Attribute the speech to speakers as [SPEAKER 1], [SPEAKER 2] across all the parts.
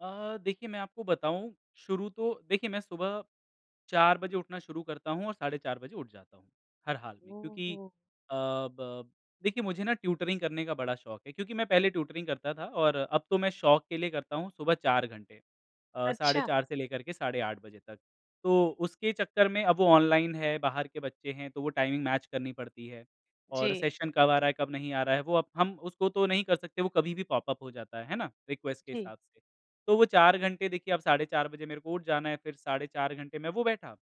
[SPEAKER 1] अ, देखिए मैं आपको बताऊँ। शुरू तो देखिए, मैं सुबह 4 बजे उठना शुरू करता हूँ और साढ़े 4 बजे उठ जाता हूँ। हर हाल में, क्योंकि
[SPEAKER 2] ओहो।
[SPEAKER 1] अ, ब देखिए मुझे ना ट्यूटरिंग करने का शौक है क्योंकि मैं पहले ट्यूटरिंग करता था और अब तो मैं शौक के लिए करता हूँ, सुबह 4 घंटे। अ, साढ़े
[SPEAKER 2] अच्छा।
[SPEAKER 1] 4 से लेकर के साढ़े 8 बजे तक। तो उसके चक्कर में अब वो ऑनलाइन है, बाहर के बच्चे हैं तो वो टाइमिंग मैच करनी पड़ती है और
[SPEAKER 2] जी।
[SPEAKER 1] सेशन कब आ रहा है, कब नहीं आ रहा है वो अब हम उसको तो नहीं कर सकते, वो कभी भी पॉप-अप हो जाता है, है ना? रिक्वेस्ट के
[SPEAKER 2] हुँ।
[SPEAKER 1] हिसाब से। तो वो 4 घंटे देखिए अब साढ़े 4 बजे मेरे को उठ जाना है, फिर साढ़े 4 घंटे मैं वो बैठा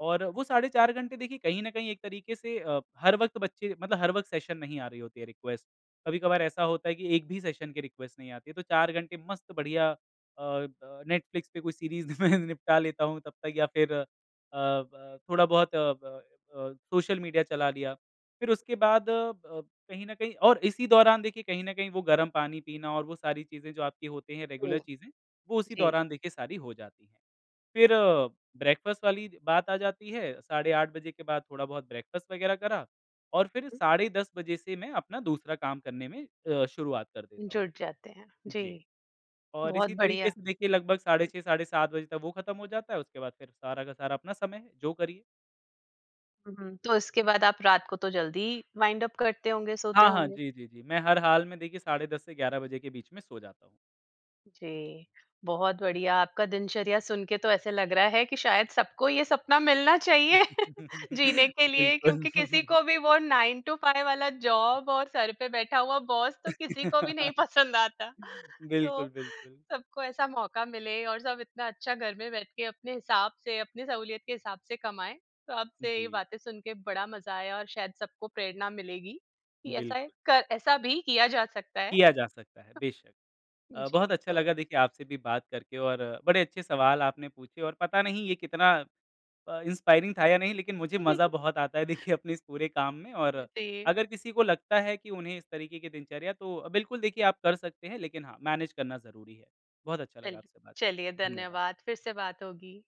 [SPEAKER 1] और वो साढ़े 4 घंटे देखिए, कहीं न कहीं एक तरीके से अ, हर वक़्त बच्चे मतलब हर वक़्त सेशन नहीं आ रही होती है, रिक्वेस्ट। कभी-कभार ऐसा होता है कि एक भी सेशन की रिक्वेस्ट नहीं आती है। तो 4 घंटे मस्त बढ़िया अ, अ, नैटफ्लिक्स पे कोई सीरीज़ में निपटा
[SPEAKER 2] [unintelligible]
[SPEAKER 1] लेता हूँ तब तक या फिर अ, ब थोड़ा-बहुत अ, ब, अ, सोशल मीडिया चला लिया। फिर उसके बाद अब कहीं न कहीं और इसी दौरान देखिए, कहीं न कहीं वो गरम पानी पीना और वो सारी चीज़ें जो आपकी होती है, रेगुलर
[SPEAKER 2] ओह!
[SPEAKER 1] चीज़ें, वो उसी
[SPEAKER 2] जी।
[SPEAKER 1] दौरान देखिए सारी हो जाती है। फिर ब्रेकफ़ास्ट वाली बात आ जाती है, साढ़े 8 बजे के बाद थोड़ा बहुत ब्रेकफ़ास्ट वगैरह करा और
[SPEAKER 2] उ
[SPEAKER 1] फिर
[SPEAKER 2] हुँ।
[SPEAKER 1] साढ़े 10 बजे से मैं अपना दूसरा काम करने में अ, शुरुआत कर देता हूँ।
[SPEAKER 2] जुड़ जाते हैं। जी।
[SPEAKER 1] जी। और
[SPEAKER 2] बहुत
[SPEAKER 1] इसी तरीके
[SPEAKER 2] बढ़िया।
[SPEAKER 1] से देखिए लगभग साढ़े 6, साढ़े 7 बजे तक वो खत्म हो जाता है। उसके बाद फिर सारा का सारा अपना समय है। जो करिए।
[SPEAKER 2] हुँ, हुँ। तो उसके बाद आप रात को तो जल्दी ही वाइंड अप करते होंगे सोते
[SPEAKER 1] हाँ, हाँ।
[SPEAKER 2] होंगे।
[SPEAKER 1] जी, जी, जी। मैं हर हाल में देखिए साढ़े 10 से 11 बजे के बीच में सो जाता हूँ।
[SPEAKER 2] जी। बहुत बढ़िया आपका दिनचर्या सुन के तो ऐसा लग रहा है कि शायद सबको ये सपना मिलना चाहिए जीने के लिए
[SPEAKER 1] बिल्कुल।
[SPEAKER 2] क्योंकि किसी को भी वो 9 टू 5 वाला जॉब और सर पे बैठा हुआ बॉस तो किसी को भी नहीं पसंद आता। तो
[SPEAKER 1] बिल्कुल, बिल्कुल।
[SPEAKER 2] सबको ऐसा मौका मिले और सब इतना अच्छा घर में बैठ के अपने हिसाब से, अपनी सहूलियत के हिसाब से कमाएँ। तो आपसे ये
[SPEAKER 1] जी।
[SPEAKER 2] बातें सुन के बड़ा मज़ा आया और शायद सबको प्रेरणा मिलेगी कि ऐसा
[SPEAKER 1] बिल्कुल।
[SPEAKER 2] एक का ऐसा भी किया जा सकता है। अ,
[SPEAKER 1] किया जा सकता है, बेशक। अ, बहुत
[SPEAKER 2] जी
[SPEAKER 1] अच्छा
[SPEAKER 2] तो
[SPEAKER 1] लगा देखिए, आपसे भी बात करके और बड़े अच्छे सवाल आपने पूछे और पता नहीं ये कितना अ, इंस्पायरिंग था या नहीं। लेकिन मुझे मज़ा बहुत आता है देखिए, अपने इस पूरे काम में और
[SPEAKER 2] [unintelligible]
[SPEAKER 1] अगर किसी को लगता है कि उन्हें इस तरीके की दिनचर्या तो अ, बिल्कुल देखिए आप कर सकते हैं। लेकिन हाँ, मैनेज करना ज़रूरी है। बहुत अच्छा लगा
[SPEAKER 2] चल
[SPEAKER 1] आपसे बात करके।
[SPEAKER 2] चलिए
[SPEAKER 1] धन्यवाद।
[SPEAKER 2] धन्यवाद। फिर से बात होगी।